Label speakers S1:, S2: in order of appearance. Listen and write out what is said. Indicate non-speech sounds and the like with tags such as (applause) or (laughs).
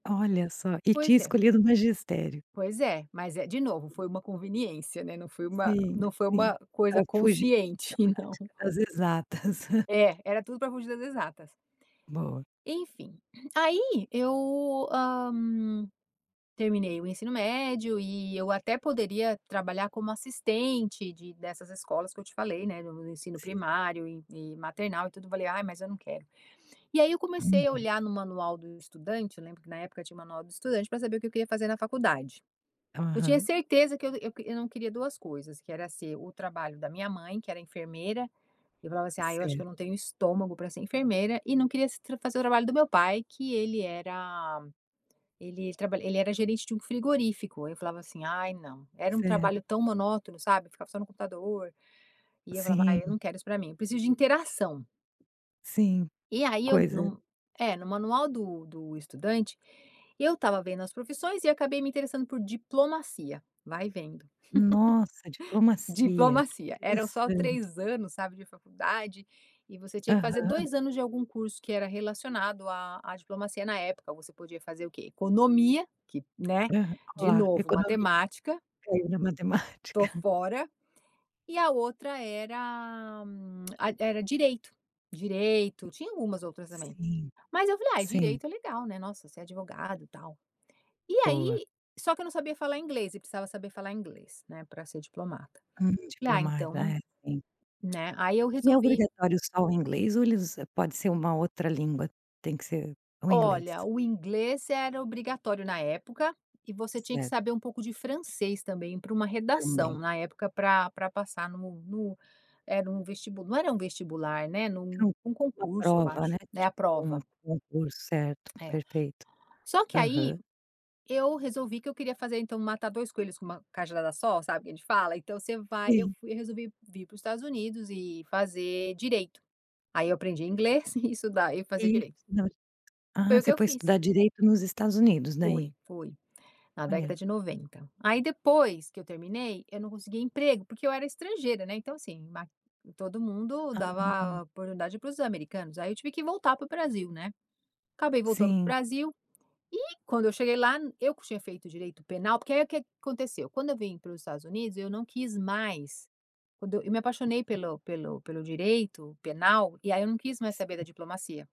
S1: Olha só, e tinha
S2: Pois é.
S1: escolhido o magistério.
S2: Pois é, mas é, de novo, foi uma conveniência, né, não foi uma
S1: Sim,
S2: não foi
S1: sim,
S2: uma coisa
S1: pra fugir
S2: consciente
S1: da
S2: não.
S1: matemática, das exatas. (giggles)
S2: É, era tudo para fugir das exatas.
S1: Boa.
S2: Enfim, aí eu, hã, terminei o ensino médio e eu até poderia trabalhar como assistente de dessas escolas que eu te falei, né, no no ensino
S1: Sim.
S2: primário e e maternal e tudo, falei: "Ai, mas eu não quero". E aí eu comecei a
S1: Uhum.
S2: olhar no manual do estudante, eu lembro que na época tinha o manual do estudante pra saber o que eu queria fazer na faculdade. Eu tinha
S1: Aham.
S2: certeza que eu eu que eu não queria 2 coisas, que era ser o trabalho da minha mãe que era enfermeira, eu falava assim: "Ai, eu acho que
S1: Certo.
S2: eu não tenho estômago para ser enfermeira" e não queria se fazer o trabalho do meu pai, que ele era ele trabalha ele era gerente de um frigorífico, aí eu falava assim: "Ai não", era um
S1: Certo.
S2: trabalho tão monótono, sabe? Ficava só no computador e eu falava: "Ai, eu
S1: Sim.
S2: não quero isso pra mim, eu preciso de interação".
S1: Sim,
S2: E aí, eu
S1: coisa
S2: no é no manual do do estudante, eu estava vendo as profissões e acabei me interessando por diplomacia. Vai vendo.
S1: Nossa,
S2: (laughs)
S1: diplomacia, que
S2: Diplomacia. Eram só
S1: interessante.
S2: 3 anos, sabe, de faculdade e você tinha que fazer
S1: Aham.
S2: 2 anos de algum curso que era relacionado à à diplomacia na época, você podia fazer o quê? Economia, que, né,
S1: Aham
S2: de
S1: cla
S2: novo,
S1: economia,
S2: matemática
S1: caiu na matemática.
S2: tô fora, e a outra era a e era ad direito direito, tinha algumas outras também.
S1: Sim,
S2: Mas eu falei ai
S1: sim.
S2: direito é legal, né, nossa ser advogado e tal. E
S1: Boa.
S2: aí só que eu não sabia falar inglês e precisava saber falar inglês, né, pra ser diplomata.
S1: Hum,
S2: Falei: "Ah
S1: diplomata,
S2: então",
S1: é sim.
S2: né, aí eu
S1: E é
S2: resolvi
S1: obrigatório só o inglês ou eles pode ser uma outra língua, tem que ser o inglês?
S2: Olha, o inglês era obrigatório na época e você tinha que
S1: Certo.
S2: saber um pouco de francês também pra uma redação,
S1: Também.
S2: na época pra pra passar no no era um vestibu não era um vestibular, né, num
S1: Então
S2: num
S1: uma
S2: concurso eu
S1: prova, né?
S2: acho, né, a
S1: Tipo um
S2: prova.
S1: concurso, certo,
S2: É.
S1: perfeito.
S2: Só que aí,
S1: Aham.
S2: eu resolvi que eu queria fazer então matar 2 coelhos com uma cajadada só, sabe, que a gente fala? Então você vai eu
S1: Sim.
S2: fui eu resolvi vir pros Estados Unidos e fazer direito. Aí eu aprendi inglês (giggles) e estudar e fazer
S1: Isso
S2: direito.
S1: você não est
S2: Foi
S1: ah,
S2: o
S1: você
S2: que eu
S1: foi
S2: fiz.
S1: estudar direito nos Estados Unidos, dai?
S2: Fui, fui. Na década
S1: Olha.
S2: de 90. Aí depois que eu terminei, eu não conseguia emprego, porque eu era estrangeira, né, então assim, ma todo mundo
S1: Ah.
S2: dava oportunidade pros americanos, aí eu tive que voltar pro Brasil, né? Acabei voltando pro
S1: Sim.
S2: Brasil, e quando eu cheguei lá eu que tinha feito direito penal porque aí o que que aconteceu? Quando eu vim para os Estados Unidos eu não quis mais quando eu me apaixonei pelo pelo pelo direito penal, e aí eu não quis mais saber da
S1: Sim.
S2: diplomacia.